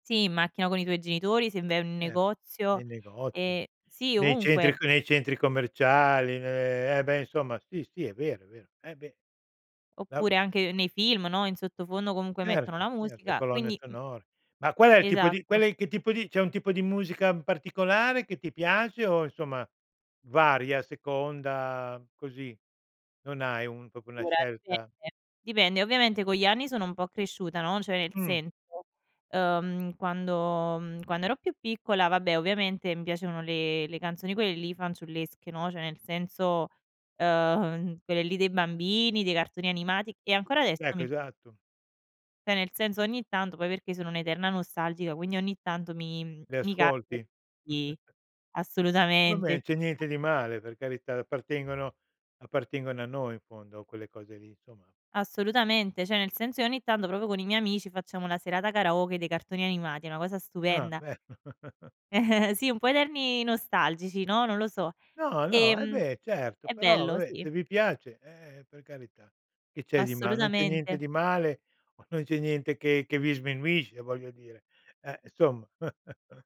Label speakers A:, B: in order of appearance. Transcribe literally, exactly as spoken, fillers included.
A: Sì, in macchina con i tuoi genitori, se vai in un
B: Eh.
A: negozio
B: Nei negozi,
A: e sì
B: nei centri
A: ovunque.
B: c nei centri commerciali, ne eh beh, insomma sì, sì è vero, è vero. Eh beh.. [unintelligible]
A: Oppure anche nei film, no, in sottofondo comunque mettono
B: Certo,
A: la
B: cert le
A: musica,
B: colonne
A: quindi, mh
B: sonore. Ma qual è il tipo di qual
A: esatto.
B: è che tipo di c'è un tipo di musica particolare che ti piace o insomma varia, a seconda così? Non hai un proprio una
A: Ora
B: scelta.
A: dipende, dipende, ovviamente con gli anni sono un po' cresciuta, no, cioè in
B: Mh.
A: senso, ehm, quando, mh, quando ero più piccola vabbè ovviamente mi piacevano le le canzoni quelle lì fanciullesche, no, cioè nel senso, eh ehm, quelle lì dei bambini, dei cartoni animati e ancora adesso
B: Ecco,
A: mi p
B: esatto.
A: c'è nel senso ogni tanto poi perché sono un'eterna nostalgica, quindi ogni tanto mi, mh,
B: Le
A: mi capita
B: ascolti.
A: di
B: Vabbè
A: assolutamente
B: non c'è niente di male, per carità, appartengono appartengono a noi in fondo quelle cose lì insomma.
A: Assolutamente, cioè nel senso che ogni tanto proprio con i miei amici facciamo una serata karaoke dei cartoni animati, è una cosa
B: Ah,
A: stupenda.
B: beh.
A: Sì, un po' eterni nostalgici, no, non lo so.
B: No, no, e
A: Ehm,
B: beh certo.
A: è
B: Però,
A: bello,
B: vabbè,
A: sì.
B: se vi piace, eh, per carità, che c'è di mal non c'è niente
A: Assolutamente.
B: di male o non c'è niente che che vi sminuisce voglio dire. Eh, insomma.